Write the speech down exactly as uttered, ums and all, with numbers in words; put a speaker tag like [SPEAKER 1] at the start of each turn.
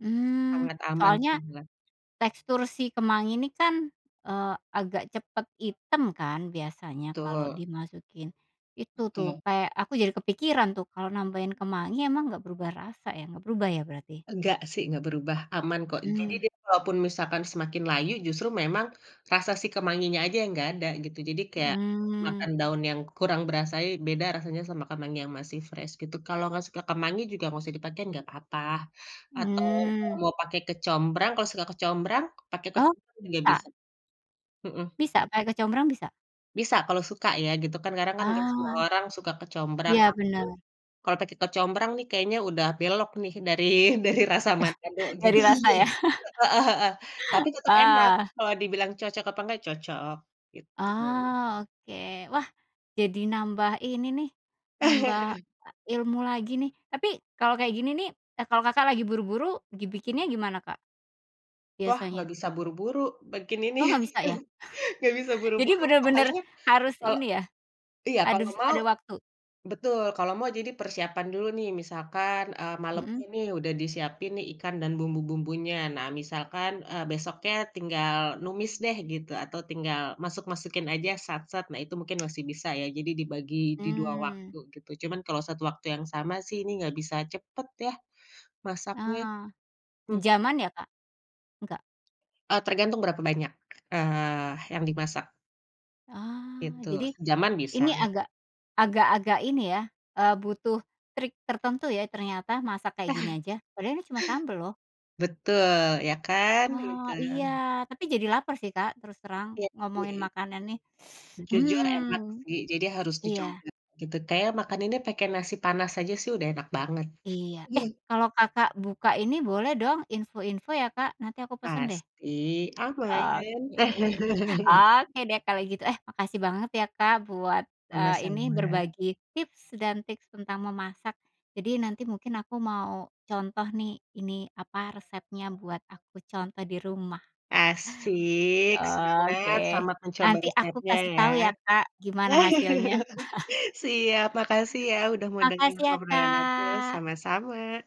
[SPEAKER 1] Mmm.
[SPEAKER 2] Sangat aman sih,
[SPEAKER 1] Soalnya
[SPEAKER 2] Mbak.
[SPEAKER 1] tekstur si kemangi ini kan, eee, agak cepet item kan biasanya kalau
[SPEAKER 2] Betul.
[SPEAKER 1] dimasukin itu tuh
[SPEAKER 2] Betul.
[SPEAKER 1] kayak, aku jadi kepikiran tuh kalau nambahin kemangi emang enggak berubah rasa ya, enggak berubah ya berarti?
[SPEAKER 2] Enggak sih, enggak berubah. Aman kok. Jadi
[SPEAKER 1] Mmm.
[SPEAKER 2] dia walaupun misalkan semakin layu justru memang rasa si kemanginya aja yang enggak ada gitu. Jadi kayak,
[SPEAKER 1] Mmm.
[SPEAKER 2] makan daun yang kurang berasai beda rasanya sama kemangi yang masih fresh gitu. Kalau enggak suka kemangi juga enggak usah dipakein enggak apa-apa. Atau
[SPEAKER 1] Mmm.
[SPEAKER 2] mau pake kecombrang, kalau suka kecombrang, pake
[SPEAKER 1] Oh
[SPEAKER 2] kecombrang juga
[SPEAKER 1] bisa?
[SPEAKER 2] bisa. Mhm.
[SPEAKER 1] Bisa? Pake kecombrang bisa?
[SPEAKER 2] Bisa kalau suka ya gitu kan. Karena kan semua
[SPEAKER 1] Ah.
[SPEAKER 2] orang suka kecombrang.
[SPEAKER 1] Ya
[SPEAKER 2] Tapi,
[SPEAKER 1] benar.
[SPEAKER 2] kalau pakai kecombrang nih kayaknya udah belok nih dari dari rasa Manado gitu.
[SPEAKER 1] Dari rasa ya?
[SPEAKER 2] Le heeh heeh. Tapi tetep enak
[SPEAKER 1] Ah.
[SPEAKER 2] kalau dibilang cocok apa enggak, cocok. Gitu.
[SPEAKER 1] Ah, oke. Wah, jadi nambah ini nih, nambah, e ilmu lagi nih. Tapi kalau kayak gini nih eh, kalau Kakak lagi buru-buru gibikinnya gimana Kak?
[SPEAKER 2] Wah, enggak
[SPEAKER 1] Biasanya.
[SPEAKER 2] bisa buru-buru bikin
[SPEAKER 1] Oh
[SPEAKER 2] ininya
[SPEAKER 1] enggak bisa
[SPEAKER 2] gitu.
[SPEAKER 1] ya?
[SPEAKER 2] Enggak bisa
[SPEAKER 1] Jadi
[SPEAKER 2] buru-buru,
[SPEAKER 1] bener bener
[SPEAKER 2] apalagi,
[SPEAKER 1] harus
[SPEAKER 2] eee
[SPEAKER 1] ini ya,
[SPEAKER 2] iya
[SPEAKER 1] ada
[SPEAKER 2] kalau
[SPEAKER 1] s
[SPEAKER 2] mau
[SPEAKER 1] ada waktu?
[SPEAKER 2] betul. Kalau mau jadi persiapan dulu nih, misalkan, eee,
[SPEAKER 1] Mhm.
[SPEAKER 2] malemnya nih udah disiapin nih ikan dan bumbu-bumbunya. Nah, misalkan, eee, besoknya tinggal numis deh gitu, atau tinggal masuk-masukin aja, sat, set. Nah, itu mungkin masih bisa ya jadi dibagi di dua
[SPEAKER 1] Mmm.
[SPEAKER 2] waktu gitu, cuman kalau satu waktu yang sama sih ini enggak bisa cepet ya masaknya.
[SPEAKER 1] Ah,
[SPEAKER 2] Mmm.
[SPEAKER 1] sejaman ya, Kak? Enggak?
[SPEAKER 2] Eee, tergantung berapa banyak, eee, yang dimasak.
[SPEAKER 1] Ah,
[SPEAKER 2] Gitu.
[SPEAKER 1] jadi
[SPEAKER 2] Sejaman bisa.
[SPEAKER 1] ini agak agak-agak ini ya, eee, butuh trik tertentu ya ternyata masak kayak gini aja. Padahal ini cuma sambel loh.
[SPEAKER 2] Betul, ya kan? Gitu.
[SPEAKER 1] Wah, iya. Tapi jadi laper sih, Kak, terus terang,
[SPEAKER 2] Iya
[SPEAKER 1] ngomongin
[SPEAKER 2] sih.
[SPEAKER 1] makanan nih.
[SPEAKER 2] Jujur enak
[SPEAKER 1] Mmm.
[SPEAKER 2] sih. Jadi harus
[SPEAKER 1] Iya.
[SPEAKER 2] dicongkel gitu. Kayaknya makaninnya pakai nasi panas aja sih udah enak banget.
[SPEAKER 1] Iya. Eh, kalau Kakak buka ini, boleh dong info-info ya, Kak. Nanti aku pesen deh.
[SPEAKER 2] Pasti.
[SPEAKER 1] I
[SPEAKER 2] Aman.
[SPEAKER 1] oke. Oke deh kalau gitu. Eh makasih banget ya, Kak, buat, eee, ini
[SPEAKER 2] Sama-sama.
[SPEAKER 1] berbagi tips dan tips tentang memasak. Jadi nanti mungkin aku mau contoh nih, ini apa resepnya buat aku contoh di rumah.
[SPEAKER 2] Asyik. Semangat.
[SPEAKER 1] Oke.
[SPEAKER 2] Selamat mencoba
[SPEAKER 1] Nanti aku
[SPEAKER 2] resepnya
[SPEAKER 1] kasih
[SPEAKER 2] ya.
[SPEAKER 1] tahu ya, Kak, gimana hasilnya.
[SPEAKER 2] Siap. Makasih ya udah mau denger
[SPEAKER 1] Makasih ya,
[SPEAKER 2] obrolan aku.
[SPEAKER 1] Kak.
[SPEAKER 2] Sama-sama.